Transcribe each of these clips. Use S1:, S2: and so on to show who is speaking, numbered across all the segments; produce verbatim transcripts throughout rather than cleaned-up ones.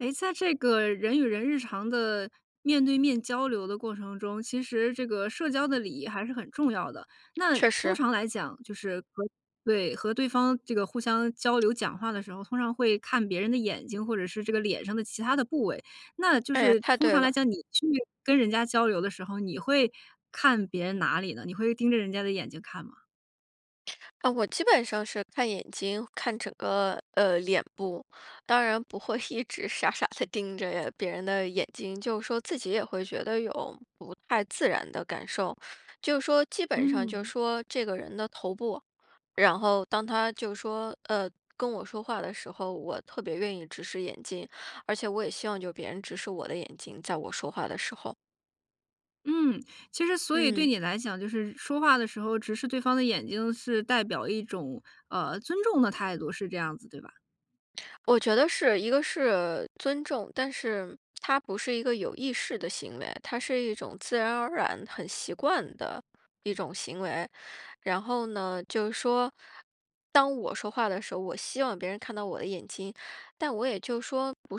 S1: 哎，在这个人与人日常的面对面交流的过程中，其实这个社交的礼仪还是很重要的。那
S2: 确
S1: 通
S2: 实。
S1: 常来讲，就是，和对，和对方这个互相交 流讲话的时候，通常会看别人的眼睛，或者是这个脸上的其他的部位。那就
S2: 哎呀，
S1: 是
S2: 太
S1: 通
S2: 对
S1: 常来
S2: 了。
S1: 讲，你去跟人家交流的时候，你会看别人哪里呢？你会盯着人家的眼睛看吗？
S2: 哦，我基本上是看眼睛，看整个，呃，脸部。当然不会一直傻傻地盯着别人的眼睛，就是说自己也会觉得有不太自然的感受，就是说基本上就
S1: 嗯。
S2: 说这个人的头部。然后当他，就是说，呃，跟我说话的时候，我特别愿意直视眼睛，而且我也希望就别人直视我的眼睛，在我说话的时候。
S1: 嗯，其实所以对
S2: 嗯。
S1: 你来讲，就是说话的时候直视对方的眼睛是代表一种，呃，尊重的态度，是这样子对吧？
S2: 我觉得是，一个是尊重，但是 它不是一个有意识的行为，它是一种自然而然很习惯的一种行为。然后呢，就是说，当我说话的时候，我希望别人看到我的眼睛，但我也就是说，不是就是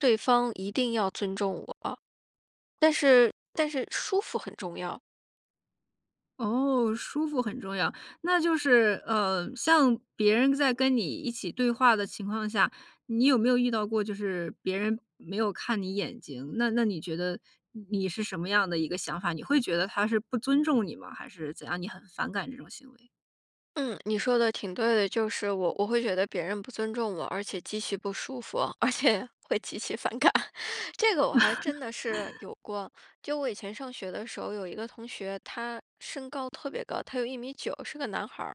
S2: 说对方一定要尊重我。但是，但是舒服很重要。
S1: 哦，舒服很重要。那就是，呃，像别人在跟你一起对话的情况下，你有没有遇到过就是别人没有看你眼睛，那那你觉得你你是什么样的一个想法？你会觉得他是不尊重你吗？还是怎样？你很反感这种行为？
S2: 嗯，你说的挺对的。就是我我会觉得别人不尊重我，而且极其不舒服，而且，会极其反感。这个我还真的是 有过，就我以前上学的时候，有一个同学他身高特别高，他有一米九，是个男孩儿。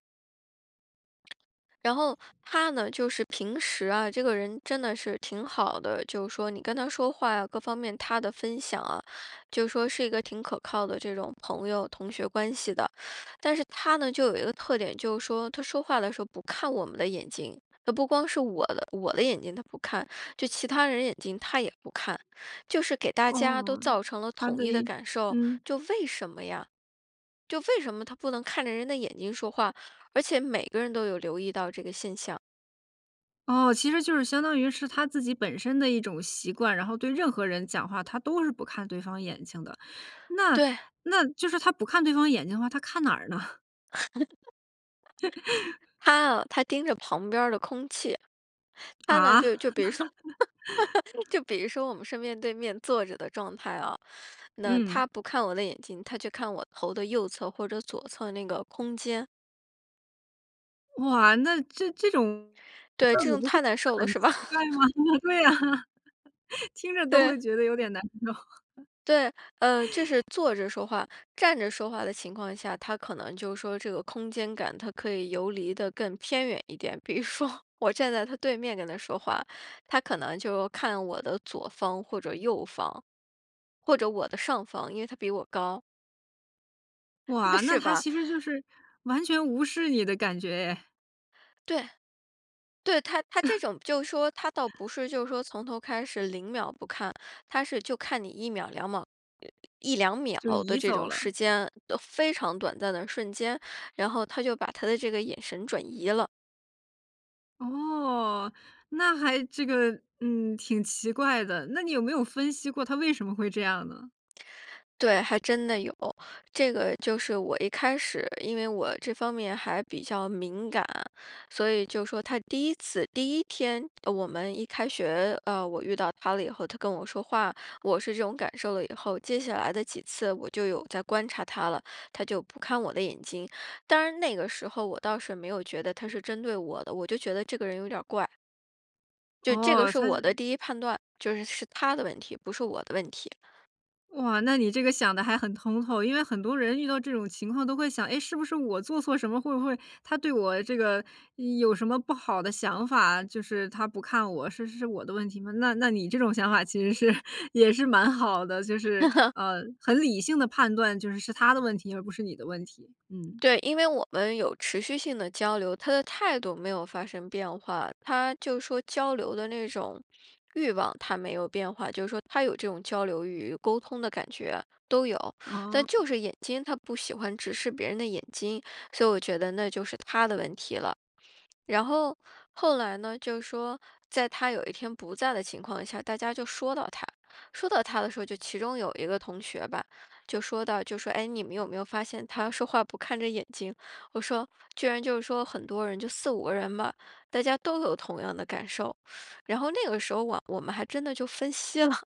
S2: 然后他呢，就是平时啊，这个人真的是挺好的，就是说你跟他说话呀，各方面他的分享啊，就是说是一个挺可靠的这种朋友、同学关系的。但是他呢，就有一个特点，就是说他说话的时候不看我们的眼睛。他不光是我的我的眼睛他不看，就其他人的眼睛他也不看。就是给大家都
S1: 哦，
S2: 造成了
S1: 他
S2: 统
S1: 的
S2: 一的
S1: 一
S2: 感受，
S1: 嗯。
S2: 就为什么呀？就为什么他不能看着人的眼睛说话，而且每个人都有留意到这个现象。
S1: 哦，其实就是相当于是他自己本身的一种习惯，然后对任何人讲话，他都是不看对方眼睛的。那
S2: 对。
S1: 那就是他不看对方眼睛的话，他看哪儿呢？
S2: 他啊他盯着旁边儿的空气。他呢，
S1: 啊？
S2: 比如就比如说，就比如说，我们是面对面坐着的状态啊，那
S1: 嗯。
S2: 他不看我的眼睛，他就看我头的右侧或者左侧的那个空间。
S1: 哇，那这这种
S2: 对，
S1: 自
S2: 这
S1: 己
S2: 种
S1: 不会
S2: 太
S1: 觉
S2: 难受
S1: 得
S2: 了，
S1: 很
S2: 是吧？
S1: 奇怪吗？对啊，听着都
S2: 对。
S1: 会觉得有点难受。
S2: 对，呃，这是 坐着说话。站着说话的情况下，他可能就说这个空间感，他可以游离得更偏远一点。比如说，我站在他对面跟他说话，他可能就看我的左方或者右方，或者我的上方，因为他比我高。那
S1: 哇，那
S2: 是
S1: 他
S2: 吧。
S1: 其实就是完全无视你的感觉哎。
S2: 对。对，他他这 种就是说，他倒不是就是说从头开始，零秒不看。他是就看你一秒、两毛、一两秒
S1: 就
S2: 的
S1: 移
S2: 这
S1: 走
S2: 种
S1: 了。
S2: 时间，呃，非常短暂的瞬间，然后他就把他的这个眼神转移了。
S1: 哦，那还这个，嗯，挺奇怪的，那你有没有分析过他为什么会这样呢？
S2: 对，还真的有。这个就是我一开始，因为我这方面还比较敏感。所以就说他第一次第一天，呃，我们一开学，呃，我遇到他了以后，他跟我说话，我是这种感受了以后，接下来的几次我就有在观察他了。他就不看我的眼睛，当然那个时候我倒是没有觉得他是针对我的，我就觉得这个人有点儿怪。就这个
S1: 哦，
S2: 是
S1: 他
S2: 我
S1: 是
S2: 的第一判断，就是是他的问题，不是我的问题。
S1: 哇，那你这个想得还很通透。因为很多人遇到这种情况都会想，哎，是不是我做错什么？会不会他对我这个有什么不好的想法？就是他不看我，是是是我的问题吗？那那你这种想法其实是也是蛮好的，就是，呃，很理性的判断就是，是他的问题，而不是你的问题，嗯。
S2: 对，因为我们有持续性的交流，他的态度没有发生变化，他就说交流的那种欲望，它没有变化。就说他有这种交流欲，沟通的感觉，都有。
S1: 哦。
S2: 但就是眼睛，他不喜欢直视别人的眼睛，所以我觉得那就是他的问题了。然后后来呢，就说在他有一天不在的情况下，大家就说到他，说到他的时候，就其中有一个同学吧，就说到，就说：“哎，你们有没有发现他说话不看着眼睛？”我说，居然就说很多人-就四五个人吧-大家都有同样的感受，然后那个时候我我们还真的就分析了。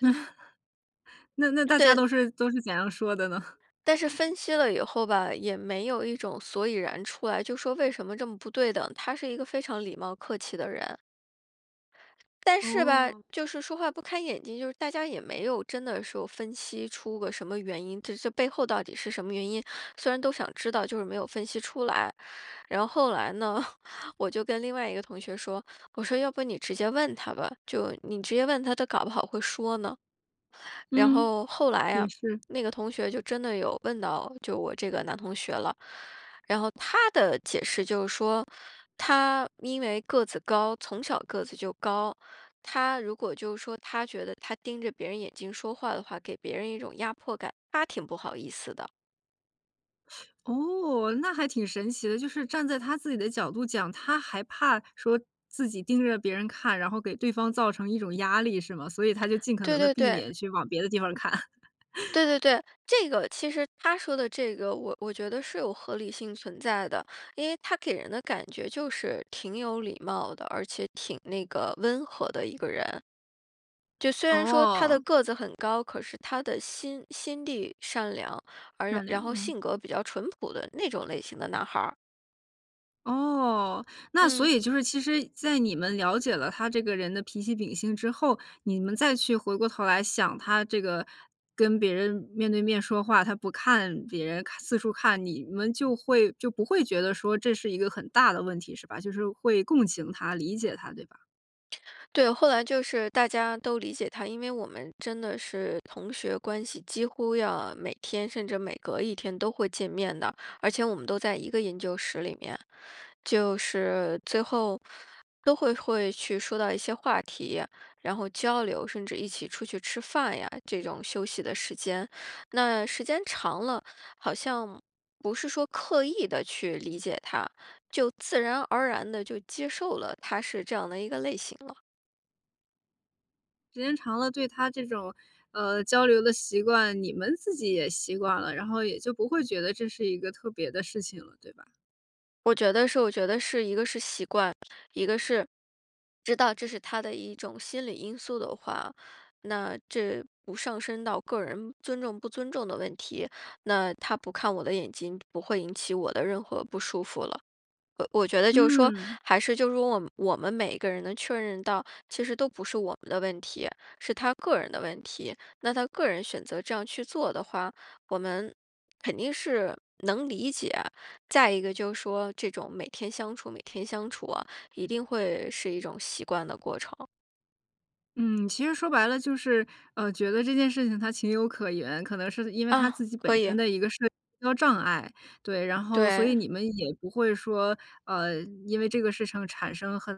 S1: 那那大家
S2: 对。
S1: 都是都是怎样说的呢？
S2: 但是 分析了以后吧，也没有一种所以然出来，就说为什么这么不对等，他是一个非常礼貌客气的人。但是吧，
S1: 哦。
S2: 就是说话不看眼睛，就是大家也没有真的说分析出个什么原因，这这背后到底是什么原因？虽然都想知道，就是没有分析出来。然后后来呢，我就跟另外一个同学说，我说要不你直接问他吧，就你直接问他，他搞不好会说呢。然
S1: 嗯，
S2: 后后来
S1: 也
S2: 啊，
S1: 是。
S2: 那个同学就真的有问到，就我这个男同学了。然后他的解释就是说，他因为个子高，从小个子就高，他如果就说他觉得，他盯着别人眼睛说话的话，给别人一种压迫感，他挺不好意思的。
S1: 哦，那还挺神奇的，就是站在他自己的角度讲，他还怕说自己盯着别人看，然后给对方造成一种压力是吗？所以他就尽可
S2: 对
S1: 能地
S2: 对
S1: 避
S2: 对。
S1: 免去往别的地方儿看。
S2: 对对 对，这个其实他说的这个我我觉得是有合理性存在的。因为他给人的感觉就是挺有礼貌的，而且挺那个温和的一个人。就虽然说他的
S1: 哦。
S2: 个子很高，可是他的心心地善良，而
S1: 善
S2: 然
S1: 良，
S2: 后
S1: 嗯。
S2: 性格比较淳朴的那种类型的男孩儿。
S1: 哦，那所
S2: 嗯。
S1: 以就是其实在你们了解了他这个人的脾气秉性之后，你们再去回过头来想他这个跟别人面对面说话，他不看别人，看四处看，你们就会就不会觉得说这是一个很大的问题，是吧？就是会共情他，理解他，对吧？
S2: 对，后来就是大家都理解他。因为我们真的是同学关系，几乎要每天，甚至每隔一天都会见面的。而且我们都在一个研究室里面。就是最后都会会去说到一些话题，然后交流，甚至一起出去吃饭呀，这种休息的时间。那时间长了，好像不是说刻意地去理解他，就自然而然地就接受了他是这样的一个类型了。
S1: 时间长了，对他这种，呃，交流的习惯，你们自己也习惯了，然后也就不会觉得这是一个特别的事情了，对吧？
S2: 我觉得是我觉得是一个是习惯，一个是知道这是他的一种心理因素的话，那这不上升到个人尊重不尊重的问题，那他不看我的眼睛，不会引起我的任何不舒服了。呃，我觉得就是说
S1: 嗯。
S2: 还是就是说我们我们每一个人能确认到，其实都不是我们的问题，是他个人的问题，那他个人选择这样去做的话，我们肯定是能理解，再一个就说这种每天相处，每天相处啊，一定会是一种习惯的过程。
S1: 嗯，其实说白了就是，呃，觉得这件事情它情有可原，可能是因为他
S2: 啊，
S1: 自己本
S2: 可以。
S1: 身的一个社交障碍，对，然后所以
S2: 对。
S1: 你们也不会说，呃，因为这个事成产生很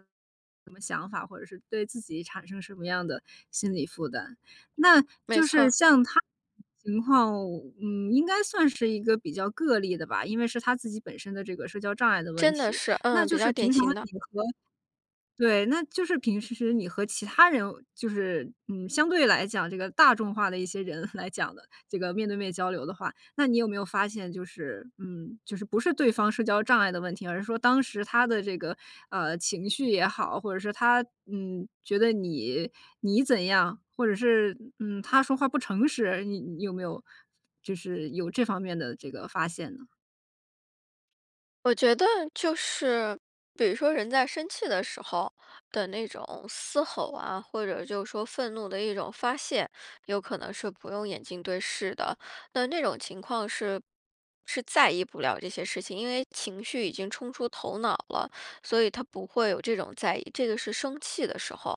S1: 什么想法，或者是对自己产生什么样的心理负担。那
S2: 没
S1: 就是
S2: 错。
S1: 像他 [unintelligible] 情况，嗯，应该算是一个比较个例的吧，因为是他自己本身的这个社交障碍的问
S2: 真的
S1: 题，
S2: 是，
S1: 那
S2: 嗯，
S1: 就
S2: 比
S1: 是
S2: 较
S1: 平
S2: 典
S1: 常
S2: 型的。
S1: 你和对，那就是平时你和其他人，就是，嗯，相对来讲这个大众化的一些人来讲的，这个面对面交流的话，那你有没有发现就是，嗯，就是不是对方社交障碍的问题，而是说当时他的这个，呃，情绪也好，或者说他，嗯，觉得你，你怎样，或者是，嗯，他说话不诚实，你你有没有就是有这方面的这个发现呢？
S2: 我觉得就是，比如说人在生气的时候的那种嘶吼啊，或者就说愤怒的一种发泄，有可能是不用眼睛对视的。但那种情况是是在意不了这些事情，因为情绪已经冲出头脑了，所以他不会有这种在意，这个是生气的时候。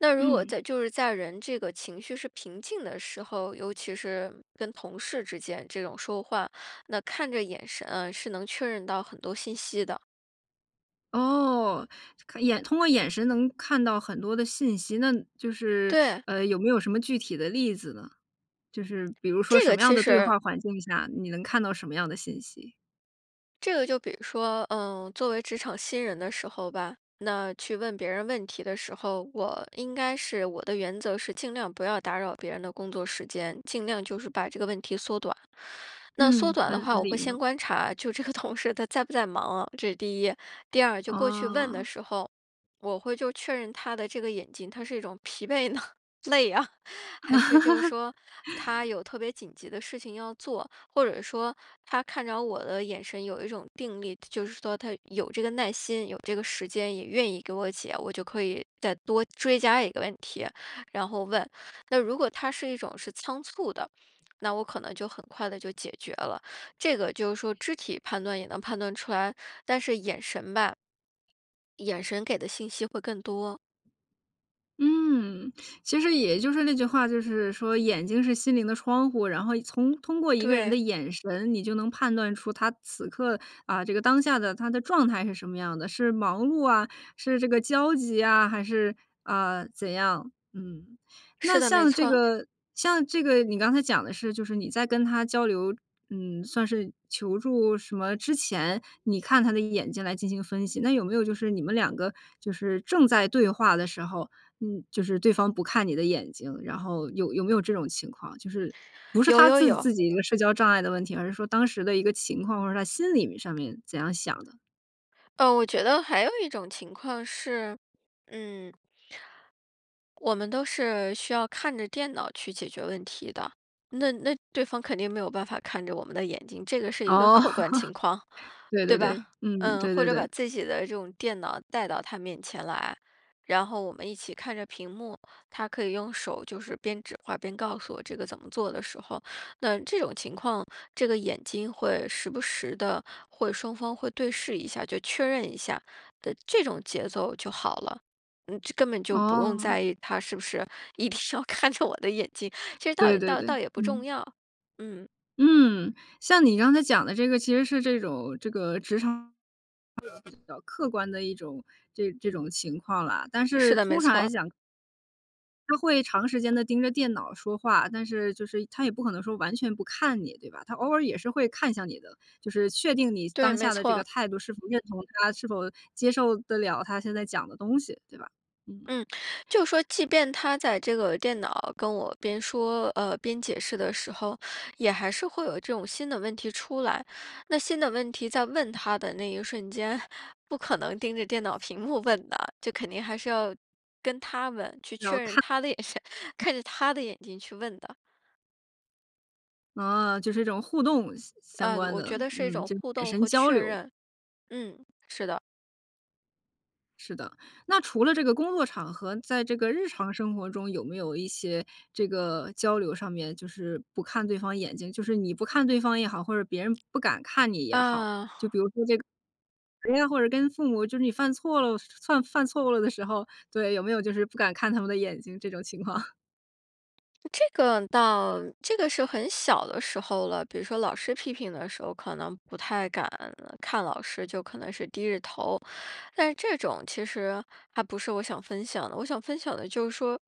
S2: 那如果
S1: 嗯。
S2: 在就是在人这个情绪是平静的时候，尤其是跟同事之间这种说话，那看着眼神啊是能确认到很多信息的。
S1: 哦，看眼通过眼神能看到很多的信息，那就是，
S2: 对。
S1: 呃，有没有什么具体的例子呢？就是比如说
S2: 这
S1: 什
S2: 个
S1: 么样
S2: 其
S1: 的对
S2: 实
S1: 话环境下，你能看到什么样的信息？
S2: 这个就比如说，呃，作为职场新人的时候吧，那去问别人问题的时候，我应该是我的原则是尽量不要打扰别人的工作时间，尽量就是把这个问题缩短。那缩
S1: 嗯。
S2: 短的
S1: 很
S2: 话，我会
S1: 礼
S2: 先
S1: 貌。
S2: 观察，就这个同事他在不在忙啊，这是第一。第二，就过去问的
S1: 哦。
S2: 时候，我会就确认他的这个眼睛，他是一种疲惫呢，累啊，还是就是说他 有特别紧急的事情要做，或者说他看着我的眼神有一种定力，就是说他有这个耐心，有这个时间，也愿意给我解。我就可以再多追加一个问题，然后问。那如果他是一种是仓促的，那我可能就很快地就解决了。这个就是说肢体判断也能判断出来，但是眼神吧眼神给的信息会更多。
S1: 嗯，其实也就是那句话就是说：“眼睛是心灵的窗户。”然后从通过一个人
S2: 对。
S1: 的眼神你就能判断出他此刻，啊，这个当下的他的状态是什么样的，是忙碌啊，是这个焦急啊，还是，啊，怎样？嗯，
S2: 是
S1: 那
S2: 的，没
S1: 像这
S2: 错。
S1: 个像这个你刚才讲的是就是你在跟他交流，嗯，算是求助什么之前，你看他的眼睛来进行分析，那有没有就是你们两个就是正在对话的时候，嗯，就是对方不看你的眼睛，然后有有没有这种情况。就是不是
S2: 有
S1: 他
S2: 有
S1: 自
S2: 有。
S1: 自己一个社交障碍的问题，而是说当时的一个情况，或者他心里面上面怎样想的。
S2: 哦，我觉得还有一种情况是，嗯。我们都是需要看着电脑去解决问题的。那那对方肯定没有办法看着我们的眼睛。这个是一个
S1: 哦，
S2: 客观情况，
S1: 对
S2: 对
S1: 对
S2: 吧？
S1: 对。嗯，
S2: 嗯，
S1: 对
S2: 或
S1: 对
S2: 者把
S1: 对。
S2: 自己的这种电脑带到他面前来，然后我们一起看着屏幕，他可以用手就是边指划边告诉我这个怎么做的时候，那这种情况，这个眼睛会时不时地会双方会对视一下，就确认一下，的这种节奏就好了，嗯，就根本就不用
S1: 哦。
S2: 在意他是不是一定要看着我的眼睛，这倒
S1: 对对
S2: 倒
S1: 对，
S2: 倒也不重
S1: 嗯。
S2: 要。嗯。
S1: 嗯，像你刚才讲的这个其实是这种这个职场 [unintelligible] 比较客观的一种这这种情况啦，但
S2: 是
S1: 是
S2: 的，没
S1: 通常来
S2: 错。
S1: 讲他会长时间地盯着电脑说话，但是就是他也不可能说完全不看你，对吧，他偶尔也是会看一下你的，就是确定你
S2: 对，
S1: 当
S2: 没
S1: 下的这
S2: 错。
S1: 个态度是否认同他，是否接受得了他现在讲的东西，对吧？嗯。
S2: 嗯，就说即便他在这个电脑跟我边说，呃，边解释的时候，也还是会有这种新的问题出来。那新的问题在问他的那一瞬间，不可能盯着电脑屏幕问的，就肯定还是要跟他们去
S1: 然后
S2: 确认
S1: 看。
S2: 他的眼神，看着他的眼睛去问的。
S1: 啊，就是一种互动相相
S2: 呃，
S1: 关
S2: 我
S1: 的，
S2: 觉得是一
S1: 嗯，
S2: 种
S1: 就
S2: 互
S1: 产
S2: 动
S1: 生
S2: 和
S1: 交
S2: 确
S1: 流。
S2: 认，嗯，是的。
S1: 是的，那除了这个工作场合，在这个日常生活中有没有一些这个交流上面就是不看对方眼睛，就是你不看对方也好，或者别人不敢看你也好，
S2: 啊。
S1: 就比如说这个，别人或者跟父母就是你犯错了，犯犯错误了的时候，对，有没有就是不敢看他们的眼睛这种情况？
S2: 这个倒这个是很小的时候了，比如说老师批评的时候，可能不太敢看老师，就可能是低着头。但是这种其实还不是我想分享的，我想分享的就是说，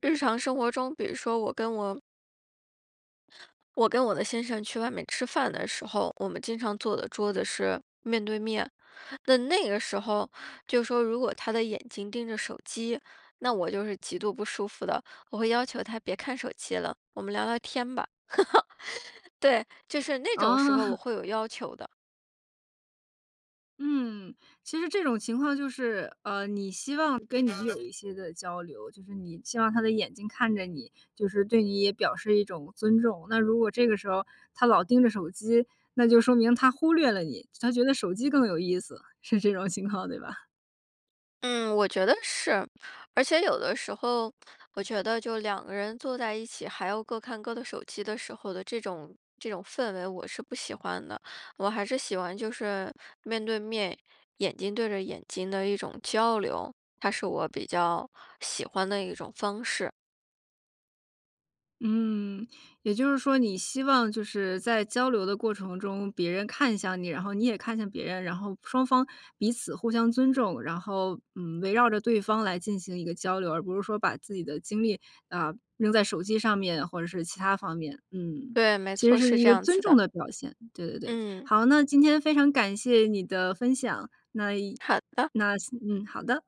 S2: 日常生活中，比如说我跟我我跟我的先生去外面吃饭的时候，我们经常坐的桌子是面对面，那那个时候，就说如果他的眼睛盯着手机，那我就是极度不舒服的。我会要求他别看手机了，我们聊聊天吧。对，就是那种时
S1: 哦。
S2: 候我 会有要求的。
S1: 嗯，其实这种情况就是，呃，你希望跟你有一些的交流，就是你希望他的眼睛看着你，就是对你也表示一种尊重。那如果这个时候他老盯着手机，那就说明他忽略了你，他觉得手机更有意思，是这种情况，对吧？
S2: 嗯，我觉得是。而且有的时候，我觉得就两个人坐在一起，还要各看各的手机的时候的这种这种氛围我是不喜欢的。我还是喜欢就是面对面，眼睛对着眼睛的一种交流，它是我比较喜欢的一种方式。
S1: 嗯，也就是说你希望就是在交流的过程中，别人看向你，然后你也看向别人，然后双方彼此互相尊重，然后，嗯，围绕着对方来进行一个交流，而不是说把自己的精力，啊，扔在手机上面或者是其它方面。嗯，
S2: 对，没
S1: 其实
S2: 错。
S1: 是
S2: 是
S1: 一
S2: 这
S1: 个
S2: 样
S1: 尊
S2: 子的。
S1: 重的表现，对对对。
S2: 嗯。
S1: 好，那今天非常感谢你的分享，那以
S2: 好的。
S1: 那嗯，好的。